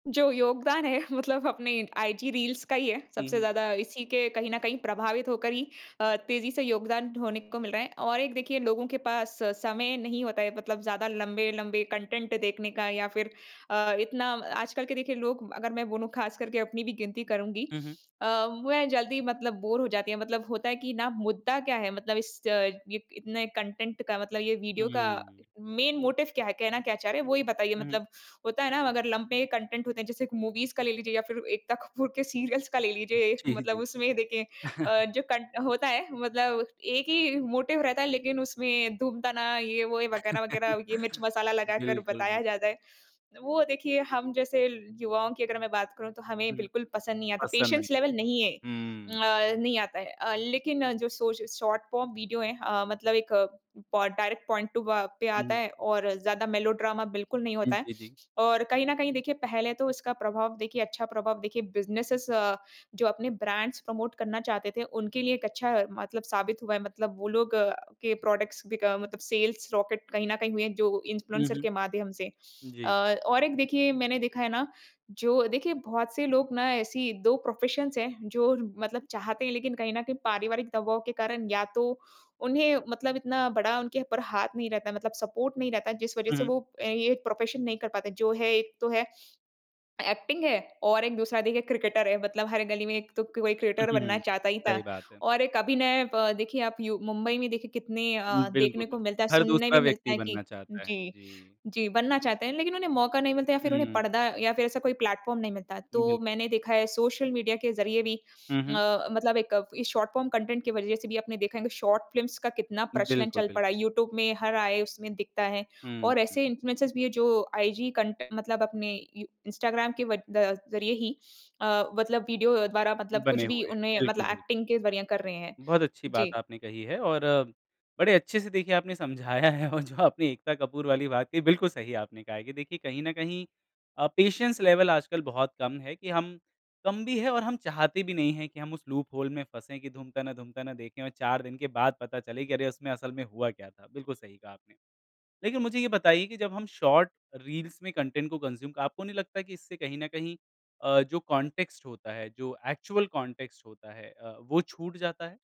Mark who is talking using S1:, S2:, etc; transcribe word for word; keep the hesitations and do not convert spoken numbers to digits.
S1: जो योगदान है मतलब अपने आईजी रील्स का ही है।
S2: हुँ,
S1: सबसे
S2: हुँ।
S1: ज़्यादा इसी के कहीं न कहीं प्रभावित होकर ही अ, तेज़ी से योगदान होने को मिल रहा है और एक देखिए, लोगों के पास समय नहीं होता है मतलब ज़्यादा लंबे-लंबे कंटेंट देखने का या फिर अ, इतना आजकल के देखिए, लोग अगर मैं बोलूँ ख़ासकर के अपनी भी गिनती करूँगी।
S2: हुँ, हुँ।
S1: अ, मैं जल्दी मतलब बोर हो जाती है मतलब होता है कि ना, मुद्दा क्या है? मतलब इस अ, ये इतने कंटेंट का मतलब ये वीडियो का
S2: हुँ।
S1: मेन मोटिव क्या है? कहना क्या चाह रहे हैं वो ही बताइए
S2: उहुँ।
S1: मतलब होता है ना, अगर लम्बे कंटेंट होते हैं जैसे कि मूवीज़ का ले लीजिए या फिर एकता कपूर के सीरियल्स का ले लीजिए एक
S2: जी,
S1: मतलब
S2: जी।
S1: उसमें देखिए अ, जो कन होता है मतलब एक ही मोटिव रहता है लेकिन उसमें धूमताना ये-वो ये वगैरह-वगैरह ये मिर्च-मसाला लगाकर
S2: बिल्कुल,
S1: बताया जाता
S2: बिल्कुल।
S1: है। वो देखिए, हम जैसे युवाओं की अगर मैं बात करूँ तो हमें
S2: हुँ,
S1: बिल्कुल पसंद नहीं आता।
S2: पसंद नहीं
S1: पेशेंस
S2: है।
S1: लेवल नहीं है,
S2: हुँ।
S1: अ, नहीं आता है। अ, लेकिन जो शॉ श शॉर्ट फॉर्म वीडियो है अ, मतलब एक पो डायरेक्ट पॉइंट टू अ, पे
S2: हुँ,
S1: आता
S2: हुँ।
S1: है और ज़्यादा मेलोड्रामा बिल्कुल नहीं
S2: जी,
S1: होता है।
S2: जी, जी।
S1: और कहीं न कहीं देखिए, पहले तो इसका प्रभाव देखिए अच्छा प्रभाव देखिए बिज़नेसेज़ अ, जो अपने ब्रांड्स प्रमोट करना चाहते थे, उनके लिए एक अच्छा मतलब साबित हुआ है। मतलब वो लोग अ, के प्रोडक्ट्स बिक मतलब सेल्स रॉकेट कहीं न कहीं हुए हैं जो
S2: हुँ,
S1: इन्फ्लुएंसर
S2: हुँ।
S1: के माध्यम से। अ,
S2: जी।
S1: और एक देखिए मैंने देखा है ना, जो देखिए बहुत से लोग ना ऐसी दो प्रोफेशंस हैं जो मतलब चाहते हैं लेकिन कहीं न कहीं पारिवारिक दबाव के कारण या तो उन्हें मतलब इतना बड़ा उनके ऊपर हाथ नहीं रहता मतलब सपोर्ट नहीं रहता, जिस वजह
S2: हुँ,
S1: से
S2: हुँ।
S1: वो ये प्रोफेशन नहीं कर पाते जो है एक तो है, एक्टिंग है और एक दूसरा देखिए क्रिकेटर है। मतलब हर गली में एक तो कोई क्रिकेटर बनना
S2: उहुँ,
S1: चाहता ही था।
S2: सही बात है।
S1: और एक अभिनय अ, देखिए आप यू मुंबई में देखिए कितने अ,
S2: बिल्कुल,
S1: देखने को मिलता
S2: बिल्कुल,
S1: है,
S2: हर
S1: सुनने भी
S2: दूसरा
S1: मिलता
S2: व्यक्ति
S1: है कि
S2: बनना चाहता है।
S1: जी,
S2: जी।
S1: जी, बनना चाहते हैं लेकिन उन्हें मौका नहीं मिलता या फिर उन्हें
S2: हुँ।
S1: पर्दा या फिर ऐसा कोई प्लेटफॉर्म नहीं मिलता। तो
S2: बिल्कुल।
S1: मैंने देखा है सोशल मीडिया के ज़रिए भी
S2: हुँ, हुँ।
S1: अ, मतलब एक इस शॉर्ट फॉर्म कंटेंट के वजह से भी आपने देखा है कि शॉर्ट फ़िल्म्स का कितना प्रचलन
S2: बिल्कुल,
S1: चल
S2: बिल्
S1: पड़ा है। यूट्यूब में हर आए उसमें दिखता है
S2: हुँ,
S1: और
S2: हुँ।
S1: ऐसे इन्फ्लुएंसर्स भी हैं जो आईजी कंट मतलब अपने इ इंस्टाग्राम के व द ज़रिए ही अ, मतलब वीडियो द्वारा मतलब कुछ
S2: बने
S1: भी
S2: हुए हैं।
S1: उन्हें मतलब
S2: बिल्कुल, बिल्कुल।
S1: एक्टिंग के ज़रिए कर रहे हैं।
S2: बहुत अच्छी
S1: जी।
S2: बात आपने कही है और बड़े अच्छे से देखिए आपने समझाया है और जो आपने एकता कपूर वाली बात कही, बिल्कुल सही आपने कहा है कि देखिए, कहीं न कहीं अ, पेशेंस लेवल आजकल बहुत कम है कि हम कम भी हैं और हम चाहते भी नहीं है कि हम उस लूप होल में फँसें कि धूमताना, धूमताना देखें और चार दिन के बाद पता चले कि अरे, उसमें असल में हुआ क्या था। बिल्कुल सही कहा आपने। लेकिन मुझे ये बताइए कि जब हम शॉर्ट रील्स में कंटेंट को कंज़्यूम आपको नहीं लगता कि इससे कहीं न कहीं अ, जो कॉन्टेक्स्ट होता है, जो एक्चुअल कॉन्टेक्स्ट होता है अ, वो छूट जाता है।